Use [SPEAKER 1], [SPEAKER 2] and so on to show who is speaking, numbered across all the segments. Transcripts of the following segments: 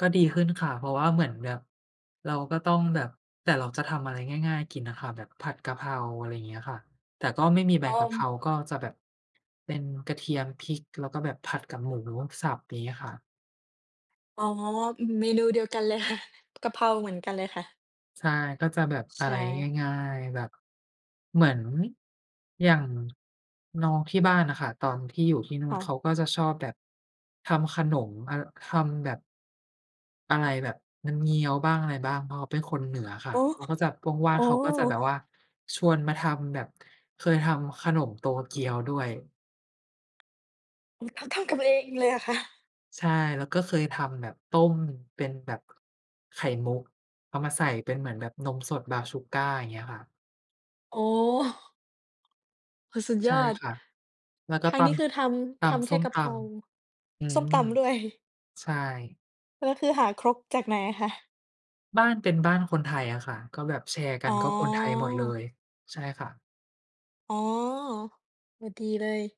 [SPEAKER 1] ก็ดีขึ้นค่ะ เพราะว่าเหมือนแบบ เราก็ต้องแบบ แต่เราจะทำอะไรง่าย ๆ กินอะค่ะ แบบผัดกะเพรา อะไรอย่างเงี้ยค่ะ แต่ก็ไม่มีใบ
[SPEAKER 2] อ
[SPEAKER 1] ก
[SPEAKER 2] อ
[SPEAKER 1] ะเพร
[SPEAKER 2] ม
[SPEAKER 1] าก็จะแบบ เป็นกระเทียม พริก แล้วก็แบบผัดกับหมูสับ อย่างงี้ค่ะ
[SPEAKER 2] อ๋อ อือ เมนูเดียวกันเลยค่ะ กะเพราเหมือนกันเลยค่ะ
[SPEAKER 1] ใช่ ก็จะแบบ
[SPEAKER 2] ช
[SPEAKER 1] อ
[SPEAKER 2] ใช
[SPEAKER 1] ะไร
[SPEAKER 2] ่
[SPEAKER 1] ง่าย ๆ แบบ เหมือนอย่าง น้องที่บ้านน่ะค่ะ ตอนที่อยู่ที่นู่
[SPEAKER 2] ค
[SPEAKER 1] น
[SPEAKER 2] ่
[SPEAKER 1] เ
[SPEAKER 2] ะ
[SPEAKER 1] ขาก็จะชอบแบบ ทำขนม อา ทำแบบ อะไร แบบน้ำเงี้ยวบ้าง อะไรบ้าง เพราะเขาเป็นคนเหนือค
[SPEAKER 2] โ
[SPEAKER 1] ่ะ
[SPEAKER 2] อ้
[SPEAKER 1] เขาก็จะว่
[SPEAKER 2] โ
[SPEAKER 1] า
[SPEAKER 2] อ
[SPEAKER 1] ง
[SPEAKER 2] ้
[SPEAKER 1] ๆ เขาก็จะแบบว่า ชวนมาทำแบบเคยทำขนมโตเกียวด้วย
[SPEAKER 2] ทำ ทำกันเองเลยเหรอคะ?
[SPEAKER 1] ใช่ แล้วก็เคยทำแบบต้มเป็นแบบ ไข่มุก เอามาใส่เป็นเหมือนแบบนมสด Brown sugar อย่างเงี้ยค่ะ
[SPEAKER 2] อ๋อ โอ้โฮ สุด
[SPEAKER 1] ใช
[SPEAKER 2] ย
[SPEAKER 1] ่
[SPEAKER 2] อด
[SPEAKER 1] ค่ะ แล้วก็
[SPEAKER 2] ทาง
[SPEAKER 1] ต
[SPEAKER 2] นี้คือท
[SPEAKER 1] ำ ต
[SPEAKER 2] ำ ทำ
[SPEAKER 1] ำ
[SPEAKER 2] แ
[SPEAKER 1] ส
[SPEAKER 2] ค่
[SPEAKER 1] ้ม
[SPEAKER 2] กะ
[SPEAKER 1] ต
[SPEAKER 2] เพรา
[SPEAKER 1] ำ อื
[SPEAKER 2] ส้ม
[SPEAKER 1] ม
[SPEAKER 2] ตำ ด้วย
[SPEAKER 1] ใช่
[SPEAKER 2] แล้วคือหาครกจากไหนอะคะ?
[SPEAKER 1] บ้านเป็นบ้านคนไทยอะค่ะ ก็แบบแชร์กั
[SPEAKER 2] อ
[SPEAKER 1] น
[SPEAKER 2] ๋
[SPEAKER 1] ก็คนไทยหมดเล
[SPEAKER 2] อ
[SPEAKER 1] ย ใช่ค่ะ
[SPEAKER 2] อ๋อ โอ้ ดีเลย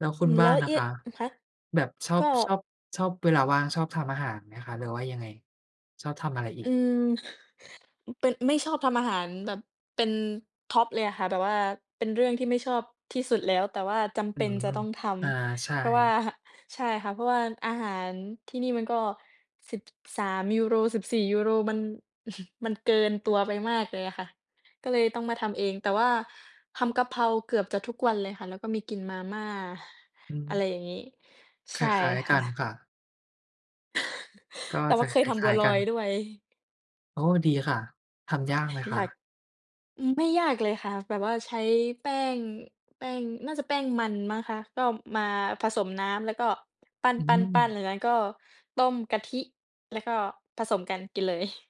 [SPEAKER 1] แล้ว
[SPEAKER 2] อื
[SPEAKER 1] คุณ
[SPEAKER 2] ม แ
[SPEAKER 1] บ
[SPEAKER 2] ล
[SPEAKER 1] ้
[SPEAKER 2] ้
[SPEAKER 1] าน
[SPEAKER 2] ว
[SPEAKER 1] ล่ะ
[SPEAKER 2] ย
[SPEAKER 1] คะ
[SPEAKER 2] คะ
[SPEAKER 1] แบบชอ
[SPEAKER 2] ก
[SPEAKER 1] บ
[SPEAKER 2] ็
[SPEAKER 1] ชอบ ชอบเวลาว่างชอบทำอาหารไหมคะ หรือว่ายังไง ชอบทำอะไรอี
[SPEAKER 2] อื
[SPEAKER 1] ก?
[SPEAKER 2] ม เป็น ไม่ชอบทำอาหารแบบเป็นท็อปเลยอะค่ะ แบบว่าเป็นเรื่องที่ไม่ชอบที่สุดแล้ว แต่ว่าจำเ
[SPEAKER 1] อ
[SPEAKER 2] ป
[SPEAKER 1] ื
[SPEAKER 2] ็น
[SPEAKER 1] ม
[SPEAKER 2] จะต้องท
[SPEAKER 1] อา ใช
[SPEAKER 2] ำ เพราะว่า
[SPEAKER 1] ่
[SPEAKER 2] ใช่ค่ะ เพราะว่าอาหาร ที่นี่มันก็ 13 ยูโร 14 ยูโร มัน มันเกินตัวไปมากเลยอะค่ะ ก็เลยต้องมาทำเอง แต่ว่าทำกะเพราเกือบจะทุกวันเลยค่ะ แล้วก็มีกินมาม่า
[SPEAKER 1] อื
[SPEAKER 2] อะไร
[SPEAKER 1] ม
[SPEAKER 2] อย่างงี้
[SPEAKER 1] ค
[SPEAKER 2] ใช
[SPEAKER 1] ล
[SPEAKER 2] ่
[SPEAKER 1] ้าย
[SPEAKER 2] ค
[SPEAKER 1] ๆ ก
[SPEAKER 2] ่
[SPEAKER 1] ัน
[SPEAKER 2] ะ
[SPEAKER 1] ค่ะ ก็
[SPEAKER 2] แต่ว
[SPEAKER 1] จ
[SPEAKER 2] ่
[SPEAKER 1] ะ
[SPEAKER 2] าเคย
[SPEAKER 1] ค
[SPEAKER 2] ทำบ
[SPEAKER 1] ล
[SPEAKER 2] ั
[SPEAKER 1] ้า
[SPEAKER 2] ว
[SPEAKER 1] ย
[SPEAKER 2] ล
[SPEAKER 1] ๆ ก
[SPEAKER 2] อ
[SPEAKER 1] ั
[SPEAKER 2] ย
[SPEAKER 1] น
[SPEAKER 2] ด้วย
[SPEAKER 1] โอ้ ดีค่ะ ทำยากไหมค
[SPEAKER 2] อยา
[SPEAKER 1] ะ?
[SPEAKER 2] ก อือ ไม่ยากเลยค่ะ แบบว่าใช้แป้ง แป้ง น่าจะแป้งมันมั้งคะ ก็มาผสมน้ำแล้วก็ ปั
[SPEAKER 1] อื
[SPEAKER 2] ้
[SPEAKER 1] ม
[SPEAKER 2] น ๆ ๆ แล้วก็ต้มกะทิ แล้วก็ผสมกันกินเลย